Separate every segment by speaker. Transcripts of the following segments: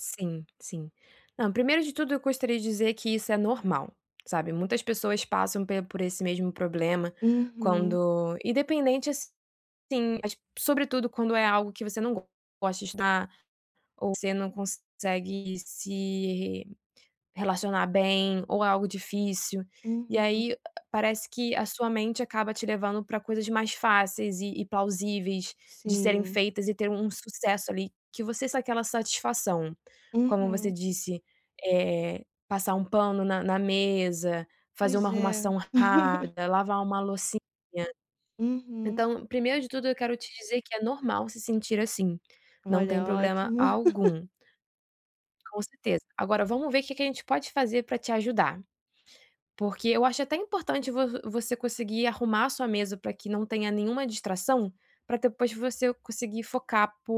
Speaker 1: Sim sim. Não, 1° de tudo eu gostaria de dizer que isso é normal, sabe. Muitas pessoas passam pe por esse mesmo problema
Speaker 2: Uhum.
Speaker 1: quando, independente assim, mas sobretudo quando é algo que você não gosta de estudar ou você não consegue se re relacionar bem, ou algo difícil. E
Speaker 2: Uhum.
Speaker 1: aí, parece que a sua mente acaba te levando para coisas mais fáceis e e plausíveis de serem
Speaker 2: Sim.
Speaker 1: feitas e ter um sucesso ali que você sa aquela satisfação, como você
Speaker 2: Uhum.
Speaker 1: disse, eh, passar um pano na na mesa, fazer uma
Speaker 2: Pois, é.
Speaker 1: arrumação rápida, lavar uma loucinha.
Speaker 2: Uhum.
Speaker 1: Então, 1° de tudo eu quero te dizer que é normal se sentir assim, não tem
Speaker 2: Olha,
Speaker 1: problema
Speaker 2: ótimo.
Speaker 1: algum. Com certeza. Agora vamos ver que que a gente pode fazer para te ajudar. Porque eu acho até importante vo vo você conseguir arrumar sua mesa para que não tenha nenhuma distração, para depois você conseguir focar por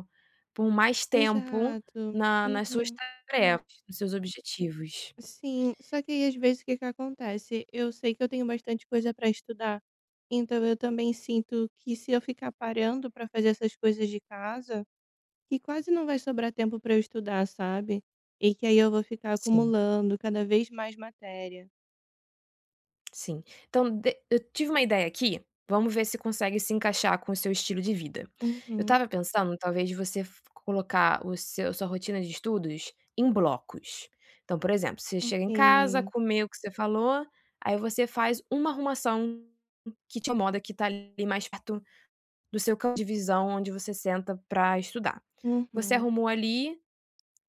Speaker 1: um por mais tempo
Speaker 2: Exato.
Speaker 1: na nas suas
Speaker 2: Uhum.
Speaker 1: tarefas, nos seus objetivos.
Speaker 2: Sim, só que aí às vezes o que que acontece? Eu sei que eu tenho bastante coisa para estudar, então eu também sinto que se eu ficar parando para fazer essas coisas de casa, que quase não vai sobrar tempo para eu estudar, sabe? E que aí eu vou ficar
Speaker 1: Sim.
Speaker 2: acumulando cada vez mais matéria.
Speaker 1: Sim, então de eu tive uma ideia aqui, vamos ver se consegue se encaixar com o seu estilo de vida. Eu
Speaker 2: Uhum.
Speaker 1: estava pensando talvez de você fo colocar o seu sua rotina de estudos em blocos. Então, por exemplo você chega em casa,
Speaker 2: Ok.
Speaker 1: comeu o que você falou, aí você faz uma arrumação que te incomoda que está ali mais perto do seu campo de visão onde você senta para estudar. Você
Speaker 2: Uhum.
Speaker 1: arrumou ali,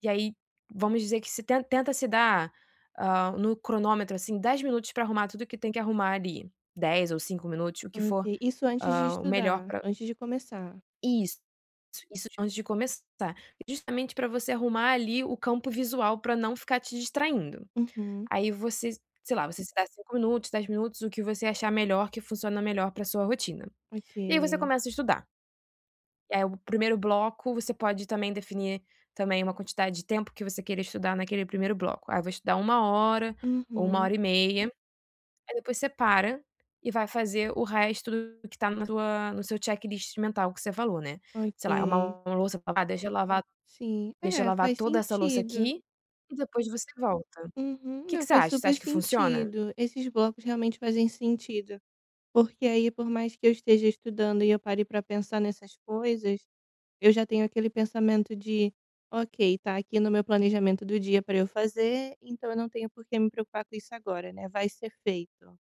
Speaker 1: e aí vamos dizer que você ten tenta se dar, hã, no cronômetro, assim, 10 minutos para arrumar tudo que tem que arrumar ali, 10 ou 5 minutos o que for,
Speaker 2: Ok, isso antes de
Speaker 1: hã, o melhor
Speaker 2: estudar,
Speaker 1: pra
Speaker 2: antes de começar?
Speaker 1: Isso. Isso antes de começar, justamente para você arrumar ali o campo visual para não ficar te distraindo.
Speaker 2: Uhum.
Speaker 1: Aí você, sei lá você se dá 5 minutos 10 minutos o que você achar melhor que funciona melhor para sua rotina. E aí você
Speaker 2: Ok.
Speaker 1: começa a estudar. Eh, o 1º bloco você pode também definir também uma quantidade de tempo que você queira estudar naquele 1º bloco. Aí eu vou estudar 1 hora, ou uma
Speaker 2: Uhum.
Speaker 1: e meia, aí depois você para, e vai fazer o resto que está na tua no seu checklist mental que você falou né? Sei lá é
Speaker 2: Ok.
Speaker 1: uma louça, "Ah deixa eu lavar,
Speaker 2: Sim,
Speaker 1: deixa eu
Speaker 2: é,
Speaker 1: lavar
Speaker 2: faz
Speaker 1: toda essa louça
Speaker 2: sentido.
Speaker 1: aqui", e depois você volta.
Speaker 2: Uhum.
Speaker 1: Que que
Speaker 2: Não,
Speaker 1: você
Speaker 2: faz
Speaker 1: acha? Você
Speaker 2: super
Speaker 1: acha que funciona?
Speaker 2: sentido, esses blocos realmente fazem sentido. Porque aí por mais que eu esteja estudando e eu pare para pensar nessas coisas, eu já tenho aquele pensamento de: "Ok está aqui no meu planejamento do dia para eu fazer, então eu não tenho porque me preocupar com isso agora, né, vai ser feito."